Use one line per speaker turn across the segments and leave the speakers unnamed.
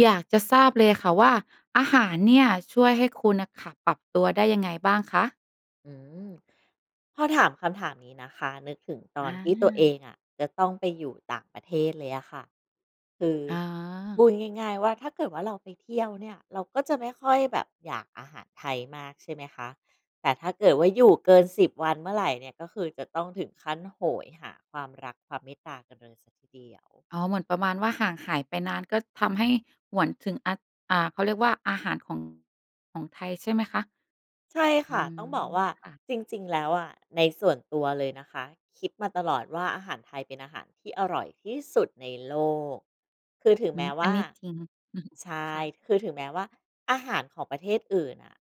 อยากจะทราบเลยค่ะว่า อาหารเนี่ยช่วยให้คุณน่ะค่ะ ปรับตัวได้ยังไงบ้างคะ?
อืม พอถามคำถามนี้นะคะ นึกถึงตอ
อ
นที่ตัวเอ
า
งอะจะต้องไปอยู่ต่างประเทศเลยอะค่ะ คือ
อ
พ
า
ูดง่าย ๆ ว่าถ้าเกิดว่าเราไปเที่ยวเนี่ย เราก็จะไม่ค่อยแบบอยากอาหารไทยมาก ใช่ไหมคะ แต่ถ้าเกิดว่าอยู่เกิน 10 วันเมื่อไรเนี่ย ก็คือจะต้องถึงขั้นโหยหาความรักความเมตตากันเลยเสียทีเดียว
อ๋อ เหมือนประมาณว่า ห่างหายไปนานก็ทำให้หวนถึง อะ อ่า เขาเรียกว่าอาหารของ ของไทยใช่ไหมคะ?
ใช่
อื
ค่ะ
ม
ต้องบอกว่า
ค่ะ
จริง ๆ แล้วอะ ในส่วนตัวเลยนะคะ คิดมาตลอดว่า อาหารไทยเป็นอาหารที่อร่อยที่สุดในโลก คือถึง
อื
แม้
ม
ว
อั
่
น
า
นี้จริง
ใช่
ค่ะ
คือถึงแม้ว่าอาหารของประเทศอื่นน่ะ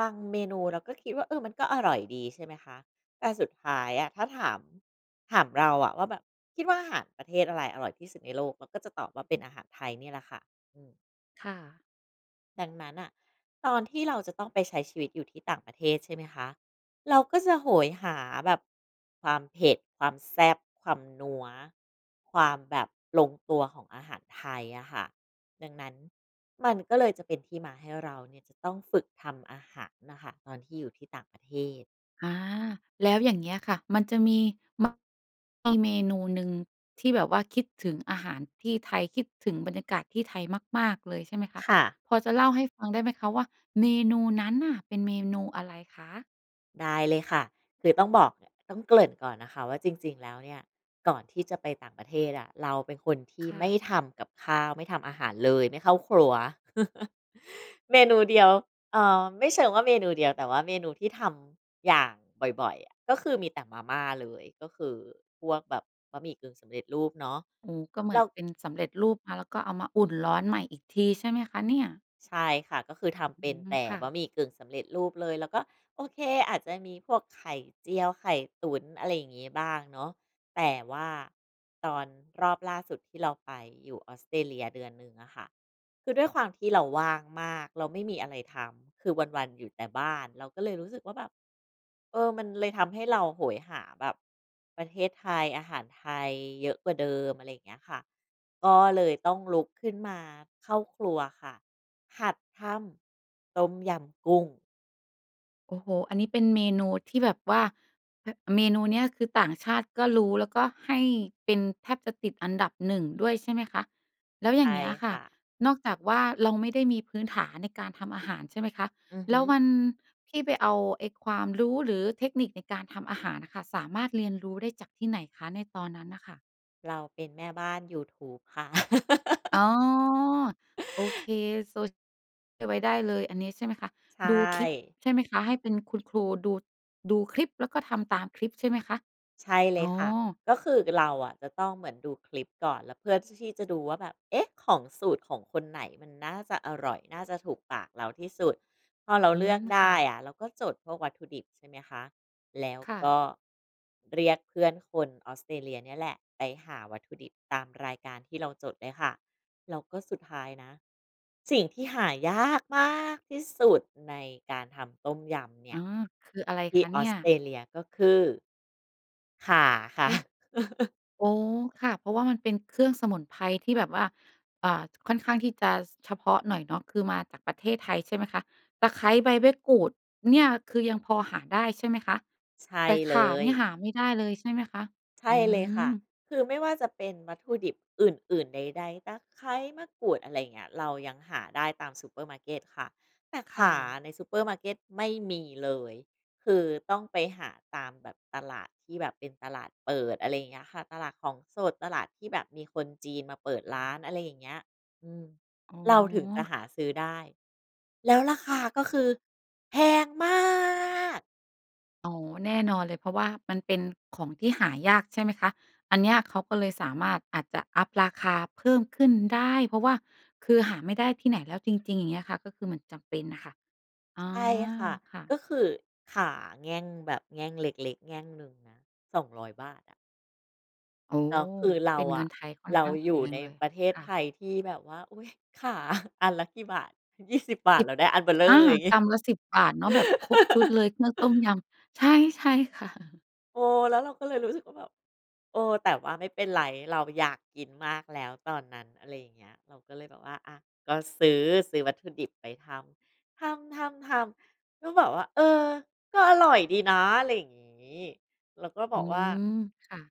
บางเมนูเราก็คิดว่า เออ มันก็อร่อยดี ใช่ไหมคะ แต่สุดท้ายอะถ้าถาม ถามเราอะว่าแบบคิดว่า อาหารประเทศอะไรอร่อยที่สุดในโลก? เราก็จะตอบว่าเป็นอาหารไทยเนี่ยแหละค่ะ อืม
ค่ะ
ดังนั้นน่ะ ตอนที่เราจะต้องไปใช้ชีวิตอยู่ที่ต่างประเทศใช่ไหมคะ? เราก็จะโหยหาแบบความเผ็ด ความแซ่บ ความนัว ความแบบลงตัวของอาหารไทยอะค่ะ ดังนั้นมันก็เลยจะเป็นที่มาให้เราเนี่ย จะต้องฝึกทำอาหารน่ะค่ะ ตอนที่อยู่ที่ต่างประเทศ
อ่า แล้วอย่างเงี้ยค่ะ มันจะมี ม [unintelligible] มีเมนูหนึ่งที่แบบว่าคิดถึงอาหารที่ไทย คิดถึงบรรยากาศที่ไทยมาก ๆ เลยใช่ไหมคะ?
ค่ะ
พอจะเล่าให้ฟังได้ไหมคะว่า เมนูนั้นน่ะเป็นเมนูอะไรคะ?
ได้เลยค่ะ คือต้องบอก อ ต้องเกริ่นก่อนนะคะว่า จริง ๆ แล้วเนี่ย ก่อนที่จะไปต่างประเทศอะ เราเป็นคนที่
ค่
ไม
ะ
่ทำกับข้าว ไม่ทำอาหารเลย ไม่เข้าครัว เมนูเดียว เอ่อ ไม่เชิงว่าเมนูเดียว แต่ว่าเมนูที่ทำอย่างบ่อย ๆ อะ ก็คือมีแต่มาม่าเลย ก็คือพวกแบบบะหมี่กึ่งสำเร็จรูปเนาะ
โอ้ ก็เหมื
เร
อ
า
นเป็นสำเร็จรูปมา แล้วก็เอามาอุ่นร้อนใหม่อีกที ใช่ไหมคะเนี่ย?
ใช่ค่ะ ก็คือท
อ
ำ
ื
เป็น
ม
แต่
ค่
บ
ะ
ะหมี่กึ่งสำเร็จรูปเลย แล้วก็โอเค อาจจะมีพวกไข่เจียว ไข่ตุ๋น อะไรอย่างงี้บ้างเนาะ แต่ว่าตอนรอบล่าสุดที่เราไปอยู่ Australia 1 เดือน อะค่ะ คือด้วยความที่เราว่างมาก เราไม่มีอะไรทำ คือวัน ๆ อยู่แต่บ้าน เราก็เลยรู้สึกว่า แบบ เออ มันเลยทำให้เราโหยหาแบบประเทศไทย อาหารไทยเยอะกว่าเดิม อะไรเงี้ยค่ะ ก็เลยต้องลุกขึ้นมาเข้าครัวค่ะ หัดทำต้มยำกุ้ง
โอ้โฮ อันนี้เป็นเมนูที่แบบว่า แบ เมนูเนี้ยคือต่างชาติก็รู้ แล้วก็ให้เป็นแทบจะติดอันดับ 1 ด้วยใช่ไหมคะ? แล้วอย
ใช
่
่
างเงี้ยค
ค
่ะ
่ะ
นอกจากว่า เราไม่ได้มีพื้นฐานในการทำอาหารใช่ไหมคะ?
อือฮ
แล้
ึ
ววันที่ไปเอาไอ้ความรู้ หรือเทคนิคในการทำอาหารอะค่ะ สามารถเรียนรู้ได้จากที่ไหนคะ? ในตอนนั้นน่ะค่ะ
เราเป็นแม่บ้านยูทูบค่ะ
อ๋อ โอเคโซ เก็บไว้ได้เลย อันนี้ใช่ไหมคะ
ใช
ดูคลิป
่
ใช่ไหมคะ? ให้เป็นคุณครู ดู ดูคลิปแล้วก็ทำตามคลิปใช่ไหมคะ?
ใช่เ
อ
ล
๋อ
ยค่ะ ก็คือเราอะจะต้องเหมือนดูคลิปก่อน แล้วเพื่อที่ ที่จะดูว่าแบบ เอ๊ะ! ของสูตรของคนไหน มันน่าจะอร่อยน่าจะถูกปากเราที่สุด พอเรา
อื
เลือก
ม
ได
ค่
้
ะ
อะเราก็จดพวกวัตถุดิบใช่ไหมคะ แล้ว
ค่
ก
ะ
็เรียกเพื่อนคนออสเตรเลียเนี่ยแหละ ไปหาวัตถุดิบตามรายการที่เราจดเลยค่ะ แล้วก็สุดท้ายนะสิ่งที่หายากมากที่สุดในการทำต้มยำเน
อ
ี
๋
่
อ
ย
คืออะไร
ที
ค
่
ะ
อ
เนี
อ
่
ส
ย?
เตรเลีย ก็คือ ข่าค
เ
่
อ
ะ
๊ะ! อ๋อ ค่ะ เพราะว่ามันเป็นเครื่องสมุนไพรที่แบบว่า อา ค่อนข้างที่จะ ฉ เฉพาะหน่อยเนาะ คือมาจากประเทศไทยใช่ไหมคะ? ตะไคร้ ใบมะกรูดเนี่ย คือยังพอหาได้ใช่ไหมคะ?
ใช่
แต่
เ
ข
ล
่าเน
ย
ี่ย หาไม่ได้เลยใช่ไหมคะ?
ใช
อื
่เลยค่ะ
อ
คือไม่ว่าจะเป็นวัตถุดิบอื่น ๆ ใด ๆ ตะไคร้ มะกรูด อะไรเงี้ย เรายังหาได้ตามซูเปอร์มาร์เกตค่ะ แต่
ค
ข
่
่า
ะ
ในซูเปอร์มาร์เกตไม่มีเลย คือต้องไปหาตามแบบตลาดที่แบบเป็นตลาดเปิด อะไรอย่างเงี้ยค่ะ ตลาดของสด ตลาดที่แบบมีคนจีนมาเปิดร้าน อะไรอย่างเงี้ย อืม
อ๋อ
เราถึงจะหา
ค
ซื้อได้แล้วราคา ก็คือแพงมาก
อ๋อ แน่นอนเลย เพราะว่ามันเป็นของที่หายากใช่ไหมคะ? อันเนี้ยเขาก็เลยสามารถอาจจะอัปราคาเพิ่มขึ้นได้ เพราะว่าคือหาไม่ได้ที่ไหนแล้วจริง ๆ อย่างเงี้ยค่ะ ก็คือมันจำเป็นน่ะค่ะ อ๋อ
ใช่ค่ะ
ค่
ก
ะ
็คือข่าแง่ง แบบแง่งเล็ก ๆ แง่งหนึ่งนะ ฿200 อะ
โอ้
แล้
โฮ
วคือเร
เ
า
ป็นเ
อ
งิ
ะ
นไทยค่อน
เรา
ข้างแพ
อยู่
ง
ใน
เลย
ประเทศ
ค่
ไ
ะ
ทยที่แบบว่า อุ๊ย ข่า อันละกี่บาท? ยี่สิบบา
ส
ท
ิ
เ
บ
ราได้อันเบ้อเร่
อา
อ อย่าง งี
ก
้
ำละ ฿10 เนาะ แบบครบชุดเลยเครื่องต้มยำ ใช่ ใช่ ค่ะ
เออ แล้วเราก็เลยรู้สึกว่า แบบ เออ แต่ว่าไม่เป็นไร เราอยากกินมากแล้วตอนนั้น อะไรอย่างเงี้ย เราก็เลยแบบว่า อะ ก็ซื้อ ซื้อวัตถุดิบไปทำ ทำ ๆ ๆ ก็แบบว่า เออ ก็อร่อยดีนะ อะไรอย่างงี้ แล้วก็บ
อื
อกว่า
ม ค่ะ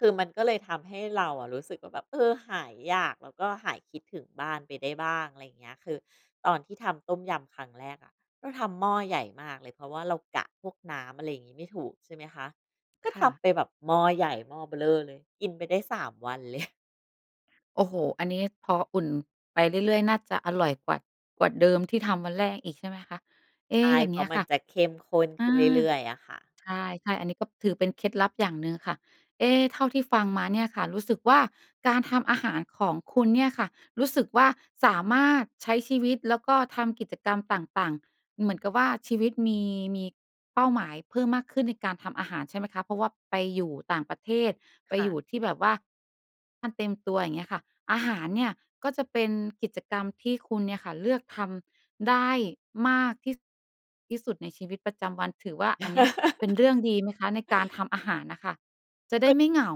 คือมันก็เลยทำให้เรารู้สึกว่า แบบ เออ หายอยาก แล้วก็หายคิดถึงบ้านไปได้บ้าง อะไรอย่างเงี้ย คือตอนที่ทำต้มยำครั้งแรกอะ เราทำหม้อใหญ่มากเลย เพราะว่าเรากะพวกน้ำ อะไรอย่างงี้ ไม่ถูก ใช่ไหมคะ ก็
ค
ท
่ะ
ำไปแบบหม้อใหญ่ หม้อเบ้อเร่อเลย กินไปได้ 3 วัน เลย
โอ้โฮ อันนี้พออุ่นไปเรื่อย ๆ น่าจะอร่อยกว่า กว่าเดิมที่ทำวันแรกอีกใช่ไหมคะ? เอ
ใ
๊
ช่
อย่า
เ
ง
พ
เ
ร
ง
า
ี้
ะ
ย
มั
ค
น
่ะ
จะเข้มข้น
อ
ขึ้
า
นเรื่อย ๆ อะค่ะ
ใช่ ๆ อันนี้ก็ถือเป็นเคล็ดลับอย่างหนึ่งค่ะ เอ๊ เท่าที่ฟังมาเนี่ยค่ะ รู้สึกว่าการทำอาหารของคุณเนี่ยค่ะ รู้สึกว่าสามารถใช้ชีวิตแล้วก็ทำกิจกรรมต่าง ๆ เหมือนกับว่า ชีวิตมี มีเป้าหมายเพิ่มมากขึ้นในการทำอาหารใช่ไหมคะ? เพราะว่าไปอยู่ต่างประเทศ ไป
ค่
อยู
ะ
่ที่แบบว่า มันเตรียมตัว อย่างเงี้ยค่ะ อาหารเนี่ย ก็จะเป็นกิจกรรมที่คุณเนี่ยค่ะเลือกทำได้มากที่ ส ที่สุดในชีวิตประจำวัน ถือว่าอันเนี้ย เป็นเรื่องดีไหมคะ? ในการทำอาหารน่ะค่ะ จะได้
คือ
ไม่เหงา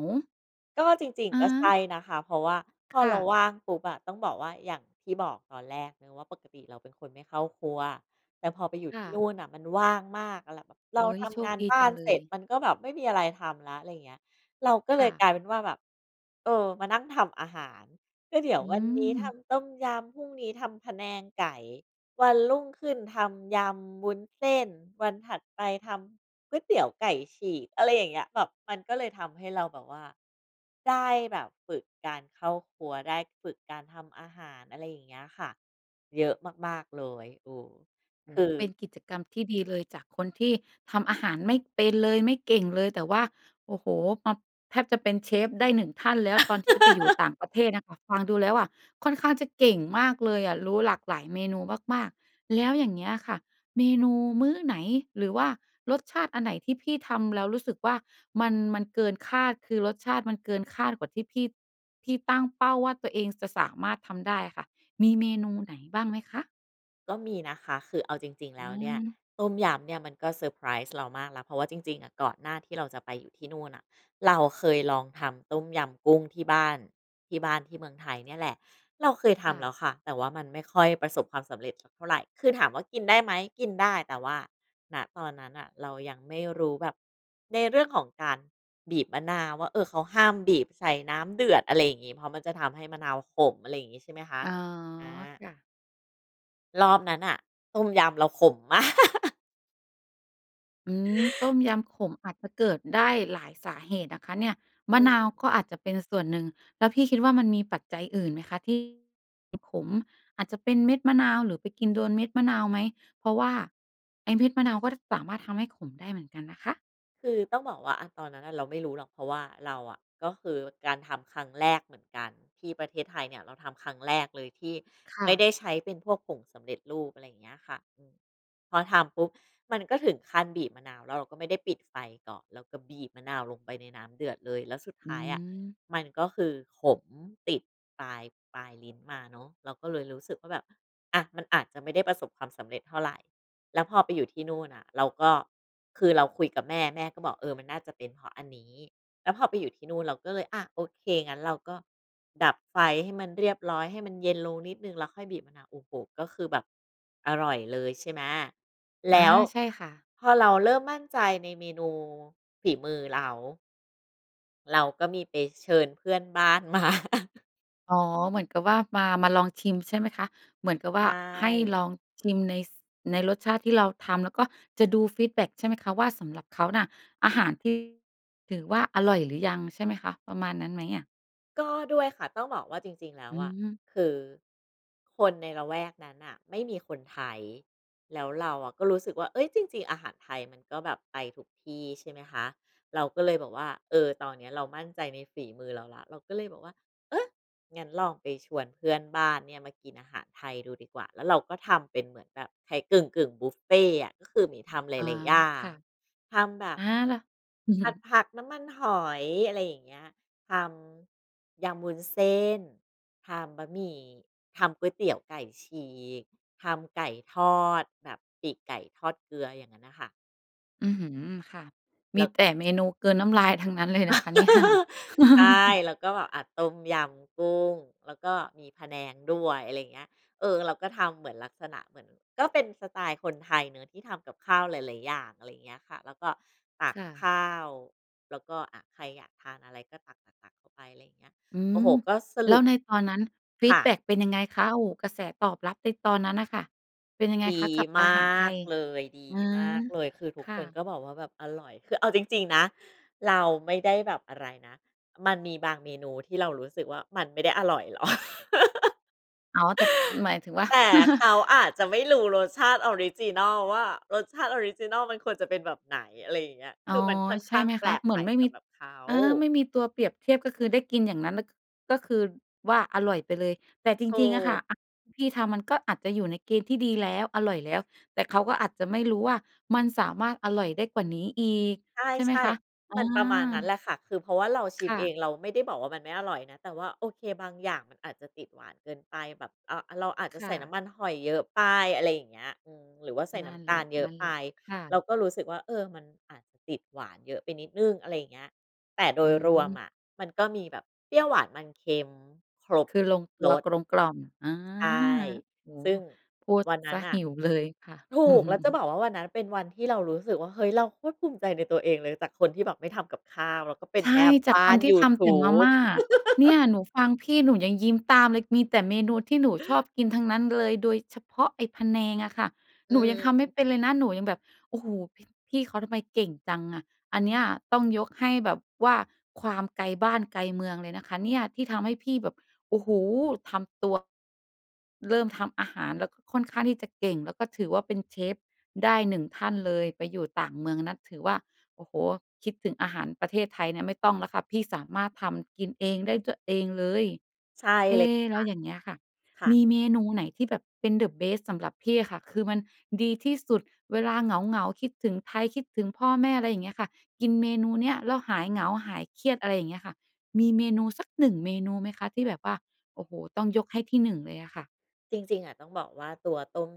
ก็จริง
อะ
ๆ ก็ใช
ฮะ
่นะคะ เพราะว่าพอ
ค่
เรา
ะ
ว่างปุ๊บอะ ต้องบอกว่า อย่างที่บอกตอนแรกนะว่า ปกติเราเป็นคนไม่เข้าครัว แต่พอไปอยู่
ค
ท
่
ี่น
ะ
ู่นน่ะมันว่างมาก แล้วเราแบบ เร
เ
า
ฮ้ย
ท
โช
ำง
ค
าน
ดี
บ้
จ
า
ั
น
งเล
เสร็จ
ย
มันก็แบบไม่มีอะไรทำแล้ว ไรอย่างเงี้ย เราก็
ค
เล
่
ย
ะ
กลายเป็นว่าแบบ เออ มานั่งทำอาหาร ก็เดี๋ยว
อื
วันนี้ท
ม
ำต้มยำ พรุ่งนี้ทำพะแนงไก่ วันรุ่งขึ้นทำยำวุ้นเส้น วันถัดไปทำก๋วยเตี๋ยวไก่ฉีก อะไรอย่างเงี้ย แบบมันก็เลยทำให้เราแบบว่า ได้แบบฝึกการเข้าครัว ได้ฝึกการทำอาหาร อะไรอย่างเงี้ยค่ะ เยอะมาก ๆ เลย เออ
โอ
ค
้โฮ
ือ
เป็นกิจกรรมที่ดีเลย จากคนที่ทำอาหารไม่เป็นเลย ไม่เก่งเลย แต่ว่า โอ้โฮ มา แทบจะเป็นเชฟได้ 1 ท่านแล้ว ตอนที่จะไปอยู่ต่างประเทศน่ะค่ะ ฟังดูแล้วอะ ค่อนข้างจะเก่งมากเลยอะ รู้หลากหลายเมนูมาก ๆ แล้วอย่างเงี้ยค่ะ เมนูมื้อไหนหรือว่ารสชาติอันไหนที่พี่ทำแล้วรู้สึกว่ามัน มันเกินคาด คือรสชาติมันเกินคาดกว่าที่พี่ พี่ตั้งเป้าว่าตัวเองจะสามารถทำได้อะค่ะ มีเมนูไหนบ้างไหมคะ?
ก็มีนะคะ คือเอาจริง ๆ แ
อ
ล้วเนี่ย
ืม
ต้มยำเนี่ย มันก็เซอร์ไพรส์เรามากแล้ว เพราะว่าจริง ๆ ก่อนหน้าที่เราจะไปอยู่ที่นู่นน่ะ เราเคยลองทำต้มยำกุ้งที่บ้าน ที่บ้านที่เมืองไทยเนี่ยแหละ เราเคยท
ค่
ำแล
ะ
้วค่ะ แต่ว่ามันไม่ค่อยประสบความสำเร็จสักเท่าไร คือถามว่ากินได้ไหม? กินได้ แต่ว่า ณ ตอนนั้นน่ะ เรายังไม่รู้แบบ ในเรื่องของการบีบมะนาวว่า เออ เขาห้ามบีบใส่น้ำเดือด อะไรอย่างงี้ เพราะมันจะทำให้มะนาวขม อะไรอย่างงี้ ใช่ไหมคะ
อ๋อ
อา
ค่ะ
รอบนั้นน่ะ ต้มยำเราขมมาก
อืม ต้มยำขม อาจจะเกิดได้หลายสาเหตุนะคะเนี่ย
อ
ม
ื
ะนาว
ม
ก็อาจจะเป็นส่วนหนึ่ง แล้วพี่คิดว่ามันมีปัจจัยอื่นไหมคะที่ อ ขม? อาจจะเป็นเม็ดมะนาว หรือไปกินโดนเม็ดมะนาวไหม? เพราะว่าไอ้เม็ดมะนาวก็ ด สามารถทำให้ขมได้เหมือนกันนะคะ
คือต้องบอกว่า อา ตอนนั้นน่ะเราไม่รู้หรอก เพราะว่าเราอะ ก็คือการทำครั้งแรกเหมือนกัน ที่ประเทศไทยเนี่ย เราทำครั้งแรกเลยที่
ค
ไ
่
ม่
ะ
ได้ใช้เป็นพวกผงสำเร็จรูป อะไรเงี้ยค่ะ อืม พอทำปุ๊บมันก็ถึงขั้นบีบมะนาว แล้วเราก็ไม่ได้ปิดไฟก่อน แล้วก็บีบมะนาวลงไปในน้ำเดือดเลย แล้วสุด
อ
ท
ื
้ายอะ
ม
มันก็คือขมติดปลาย ปลายลิ้นมาเนาะ เราก็เลยรู้สึกว่าแบบ อะ มันอาจจะไม่ได้ประสบความสำเร็จเท่าไร แล้วพอไปอยู่ที่นู่นน่ะ เราก็ คือเราคุยกับแม่ แม่ก็บอก "เออ มันน่าจะเป็นเพราะอันนี้" แล้วพอไปอยู่ที่นู่นเราก็เลย อะ โอเค งั้นเราก็ดับไฟให้มันเรียบร้อย ให้มันเย็นลงนิดหนึ่ง แล้วค่อยบีบมะนาว โอ้โฮ! ก็คือแบบอร่อยเลย ใช่ไหม แ
อ
ล
า
้ว
ใช่ค่ะ
พอเราเริ่มมั่นใจในเมนู ฝีมือเรา เราก็มีไปเชิญเพื่อนบ้านมา
อ๋อ เหมือนกับว่ามา มาลองชิมใช่ไหมคะ? เหมือนกับ
ใช
ว่าให้ล
่
องชิมใน ส ในรสชาติที่เราทำแล้วก็จะดูฟีดแบ็กใช่ไหมคะ? ว่า สำหรับเขาน่ะ อาหารที่ ถือว่าอร่อยหรือยังใช่ไหมคะ? ประมาณนั้นไหมอะ?
ก็ด้วยค่ะ ต้องบอกว่าจริง ๆ แล้
อ
ว
ื
อะ
ม
คือคนในละแวกนั้นน่ะไม่มีคนไทย แล้วเราอะก็รู้สึกว่า เอ๊ย จริง ๆ อาหารไทยมันก็แบบไปทุกที่ใช่ไหมคะ เราก็เลยบอกว่า เออ ตอนนี้เรามั่นใจในฝีมือเราแล้ว เราก็เลยบอกว่า เออ งั้นลองไปชวนเพื่อนบ้านเนี่ยมากินอาหารไทยดูดีกว่า แล้วเราก็ทำเป็นเหมือนแบบไทยกึ่ง ๆ บุฟเฟต์อะ ก็คือหมีทำห
อ๋อ
ลาย ๆ อย่า
ค่
ง
ะ
ทำแบบ
อา แล้ว
ผัดผักน้ำมันหอย อะไรอย่างเงี้ย ทำยำวุ้นเส้น ทำบะหมี่ ทำก๋วยเตี๋ยวไก่ฉีก ทำไก่ทอดแบบปีกไก่ทอดเกลือ อย่างงั้นน่ะค่ะ
อือหือ ค่ะ ม
เร
ี
า
แต่เมนูกลืนน้ำลายทั้งนั้นเลยนะคะ เนี่ย
ใช่ แล้วก็แบบ อ่า ต้มยำกุ้ง แล้วก็มีพะแนงด้วย อะไรเงี้ย เออ เราก็ทำเหมือนลักษณะ เหมือน ก็เป็นสไตล์คนไทยเนาะที่ทำกับข้าวหลาย ๆ อย่าง อะไรเงี้ยค่ะ แล้วก็ตั
ค
ก
่ะ
ข้าว แล้วก็ อ่า ใครอยากทานอะไรก็ตัก ตัก ตักเข้าไปอะไรอย่างเงี้ย
อื
โอ้
ม
โฮ ก็ส
แล้
รุ
ว
ป
ในตอนนั้นฟี
ค
ด
่ะ
แบ็กเป็นยังไงคะ? โอ้โฮ กระแสตอบรับในตอนนั้นน่ะค่ะ เป็นยังไง
ดี
คะ กับ
ม
อาหารไท
าก
ย?
เลย ดี
อื
ม
อ
ากเลย คือทุ
ค
ก
่
ค
ะ
นก็บอกว่าแบบอร่อย คือเอาจริง ๆ นะ เราไม่ได้แบบอะไรนะ มันมีบางเมนูที่เรารู้สึกว่า มันไม่ได้อร่อย หรอก
อ๋อ แต่หมายถึงว่า
แต่เขาอาจจะไม่รู้รสชาติออริจินอลว่า รสชาติออริจินอลมันควรจะเป็นแบบไหน อะไรอย่างเงี้ย
อ๋
ค
อ
ือมันค่อน
ใช
ข
่
้า
ไ
ง
หม
แป
ค
ล
ะ
ก
เหม
ใ
ื
หม
อน
่
ไม่
ส
มี
ำหรับเขา
เออ ไม่มีตัวเปรียบเทียบ ก็คือได้กินอย่างนั้นแแล้วก็ ก็คือว่า อร่อยไปเลย แต่จ
ถ
ร
ู
ิง ๆ อะค่ะ
ก
อาหารพี่ทำมันก็อาจจะอยู่ในเกณฑ์ที่ดีแล้ว อร่อยแล้ว แต่เขาก็อาจจะไม่รู้ว่ามันสามารถอร่อยได้กว่านี้อีก
ใ
ใช่ไหม
ช่
คะ? อ
ๆ มันประมาณนั้นแ
า
หละค่ะ คือ เพราะว่าเราชิ
ค
ม
่
เอ
ะ
ง เราไม่ได้บอกว่ามันไม่อร่อยนะ แต่ว่า โอเค บางอย่างมันอาจจะติดหวานเกินไป แบบ อะ เราอาจจะ
ค
ใ
่
ส่น้
ะ
ำมันหอยเยอะไป อะไรอย่างเงี้ย อืม หรือว่าใส่
น
น
ั
้
่น
ำต
แห
า
ล
ล
ะ
เยอ
นั
ะ
่น
ไป
แหละ ค่
เรา
ะ
ก็รู้สึกว่า เออ มันอาจจะติดหวานเยอะไปนิดหนึ่ง อะไรอย่างเงี้ย แต่โด
อื
ยรวม
ม
อะ มันก็มีแบบเปรี้ยวหวานมันเค็ม ครบ
คือลงตั
ร
ว
ส
กลมกล่อม อา
ใช่
โอ้
ซึ
โ
่
ฮ
ง
พูด
วันน
เ
ั
ส
้
ี
น
ย
น่ะ
หิวเลยค่ะ
ถูก แล้วจะบอกว่าวันนั้นเป็นวันที่เรารู้สึกว่า เฮ้ย เราโคตรภูมิใจในตัวเองเลย จากคนที่แบบไม่ทำกับข้าว แล้วก็เป็น
ใช
แม
่
่
จ
บ
าก
้
ค
า
น
น
ที
ย
่
ู
ท
ท
ำแต
ู
่มา
บ
ม่า เนี่ยหนูฟังพี่หนูยังยิ้มตามเลย มีแต่เมนูที่หนูชอบกินทั้งนั้นเลย โดยเฉพาะไอ้พะแนงอะค่ะ
อื
หนูยังทำไม่
ม
เป็นเลยนะ หนูยังแบบ โอ้โฮ พี่ พี่เขาทำไมเก่งจังอะ อันเนี้ยต้องยกให้แบบว่าความไกลบ้านไกลเมืองเลยนะคะเนี่ย ที่ทำให้พี่แบบ โอ้โฮ ทำตัว เริ่มทำอาหารแล้วก็ค่อนข้างที่จะเก่ง แล้วก็ถือว่าเป็นเชฟได้ 1 ท่านเลย ไปอยู่ต่างเมืองนะ ถือว่า โอ้โฮ คิดถึงอาหารประเทศไทยเนี่ยไม่ต้องแล้วค่ะ พี่สามารถทำกินเองได้ ตัวเองเลย
ใช่
เอ
เลยค่ะ
แล้วอย่างเงี้ยค่ะ
ค่ะ
มีเมนูไหนที่แบบเป็น เดอะเบสต์ สำหรับพี่อะค่ะ คือมันดีที่สุด เวลาเหงา ๆ คิดถึงไทย คิดถึงพ่อแม่ อะไรอย่างเงี้ยค่ะ กินเมนูเนี้ยแล้วหายเหงา หายเครียด อะไรอย่างเงี้ยค่ะ มีเมนูสัก 1 เมนูไหมคะ? ที่แบบว่า โอ้โฮ ต้องยกให้ที่ 1 เลยอะค่ะ
จริง ๆ อ่ะ ต้องบอกว่าตัวต้ม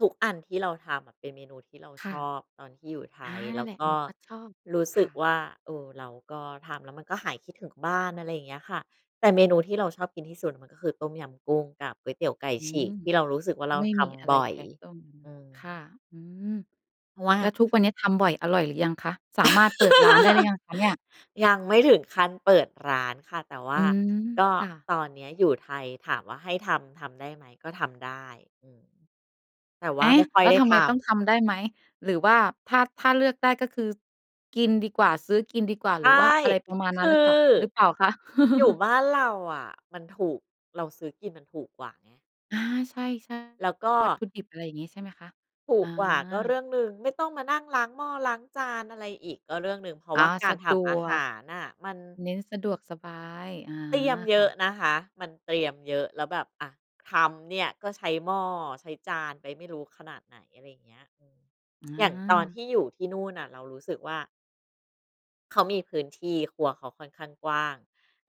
ทุกอันที่เราทำอะเป็นเมนูที่เรา
ค่
ช
ะ
อบตอนที่อยู่ไท
อา
ย
น
แ
ั
ล
่
้
นแ
ว
หละ
ก
ห
็
นูก็ชอบ
รู้ส
ค
ึ
่
ก
ะ
ว่า เออ เราก็ทำแล้วมันก็หายคิดถึงบ้าน อะไรอย่างเงี้ยค่ะ แต่เมนูที่เราชอบกินที่สุดมันก็คือ ต้มยำกุ้งกับก๋วยเตี๋ยวไก่
อื
ฉี
ม
ก ที่เรารู้สึกว่าเรา
ไม่
ท
มีอะไร
ำบ่อ
แ
ย
พ้ต้ม
อื
ค่ะ
ม
อืม
เพราะว่า
แล้วทุกวันนี้ทำบ่อยอร่อยหรือยังคะ? สามารถเปิดร้านได้หรือยังคะเนี่ย?
ยังไม่ถึงขั้นเปิดร้านค่ะ แต่ว
อ
่
ื
า
ม
ก็
ค่ะ
ตอนนี้อยู่ไทยถามว่าให้ทำ ทำได้ไหม ก็ทำได้ อืม แต่ว
เอ
่า
๊
ไ
ะ!
ม่ค่
แ
อ
ล
ย
้ว
ได้
ทำไม
ท
ต้อง
ำ
ทำได้ไหม หรือว่าถ้า ถ้าเลือกได้ก็คือกินดีกว่า ซื้อกินดีกว่า
ใช
หร
่
ือว่าอะไรประมาณ
ค
นั้
ื
น
อ
หรือข่าว หรือเปล่าคะ?
อยู่บ้านเราอะมันถูก เราซื้อกินมันถูกกว่าไง
อา ใช่
แล้วก็
ๆ วัตถุดิบ อะไรอย่างงี้ใช่ไหมคะ?
ถู
อ
กกว่าก็
า
เรื่องหนึ่ง ไม่ต้องมานั่งล้างหม้อ ล้างจาน อะไรอีก ก็เรื่องหนึ่ง เพราะ
อา
ว่ากา
ส
ร
ะ
ท
ด
ำอา
ว
ห
ก
ารน่ะ มัน
เน้นสะดวกสบาย อา
เตรียมเย
ค
อ
่ะ
ะนะคะ มันเตรียมเยอะแล้วแบบ อะ ทำเนี่ยก็ใช้หม้อ ใช้จานไปไม่รู้ขนาดไหน อะไรอย่างเงี้ย
อ
อย่างตอนท
า
ี่อยู่ที่นู่นน่ะเรารู้สึกว่า เขามีพื้นที่ ครัวเขาค่อนข้างกว้าง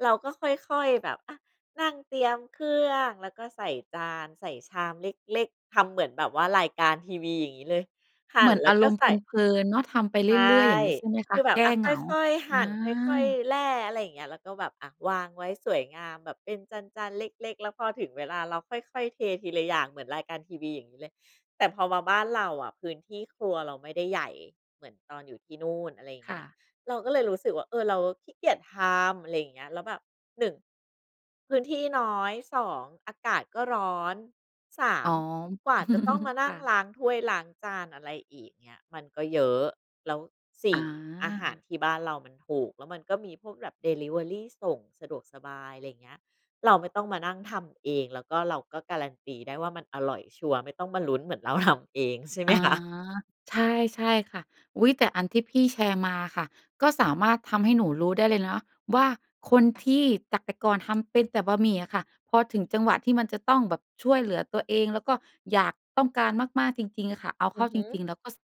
เราก็ค่อย ๆ แบบ อะ นั่งเตรียมเครื่องแล้วก็ใส่จาน ใส่ชามเล็ก ๆ ทำเหมือนแบบว่ารายการทีวีอย่างงี้เลย หั่
เหม
น
ือน
แล้
อ
ว
า
ก
ร
็
มณ์
ใ
เ
ส่
พลิน ๆ เนาะ ทำไปเ
ใ
ร
ช่
ื่อย ๆ อย่างงี้ใช่ไหมค
ค
ะ?
ือแบ
แ
บ
ก้
อะ
เ
ค
หงา
่อย ๆ ห
อ
ั่น ค่อย
า
ๆ แล่ อะไรอย่างเงี้ย แล้วก็แบบ อะ วางไว้สวยงาม แบบเป็นจาน ๆ เล็ก ๆ แล้วพอถึงเวลาเราค่อย ๆ เททีละอย่างเหมือนรายการทีวี อย่างงี้เลย แต่พอมาบ้านเราอะ พื้นที่ครัวเราไม่ได้ใหญ่เหมือนตอนอยู่ที่นู่น อะไรอย่างเ
ค
งี้
่
ย
ะ
เราก็เลยรู้สึกว่า เออ เราขี้เกียจทำ อะไรอย่างเงี้ย แล้วแบบ 1 พื้นที่น้อย 2 อากาศก็ร้อน สา
อ๋
ม
อ
กว่าจะต้องมานั
ค
่
่
ง
ะ
ล้างถ้วยล้างจาน อะไรอีกเงี้ย มันก็เยอะ แล้ว สี
อ
่ อาหาร
า
ที่บ้านเรามันถูก แล้วมันก็มีพวกแบบเดิลิเวอรีส่ง สะดวกสบาย อะไรอย่างเงี้ย เราไม่ต้องมานั่งทำเอง แล้วก็เราก็การันตีได้ว่า มันอร่อยชัวร์ ไม่ต้องมาลุ้นเหมือนเรา ทำ เองใช่ ไหม
อา
คะ?
ใช่ ๆ ค่ะ อุ๊ย! แต่อันที่พี่แชร์มาค่ะ ก็สามารถทำให้หนูรู้ได้เลยนะว่า คนที่จากแต่ก่อนทำเป็นแต่บะหมี่อะค่ะ พอถึงจังหวะที่มันจะต้องแบบช่วยเหลือตัวเอง แล้วก็อยาก ต้องการมาก ๆ จริง ๆ อะค่ะเอา
อ
เข
ื
้า
อฮ
จ
ึ
ริง ๆ แล้วก็สะ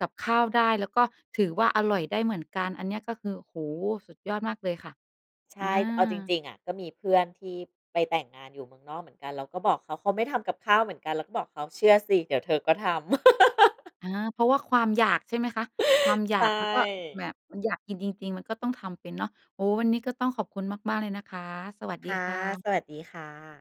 กับข้าวได้แล้วก็ถือว่า อร่อยได้เหมือนกันอันเนี้ย ก็คือ โอ้โฮ! สุดยอดมากเลยค่ะ
ใช
อ
่ เอาจ
า
ริง ๆ อะ ก็มีเพื่อนที่ไปแต่งงานอยู่เมืองนอกเหมือนกัน เราก็บอกเขา เขาไม่ทำกับข้าวเหมือนกัน เราก็บอกเขาเชื่อสิเดี๋ยวเธอก็ทำ
อา เพราะว่าความอยากใช่ไหมคะ? ความอยา
ใช
ก แล้วก็แบ
่
บมันอยากกินจริง ๆ มันก็ต้องทำเป็นเนาะ โอ้! วันนี้ก็ต้องขอบคุณมาก ๆ เลยนะคะ สวัส
ค
ดี
่ะ
ค่ะ
สวัสดีค่ะ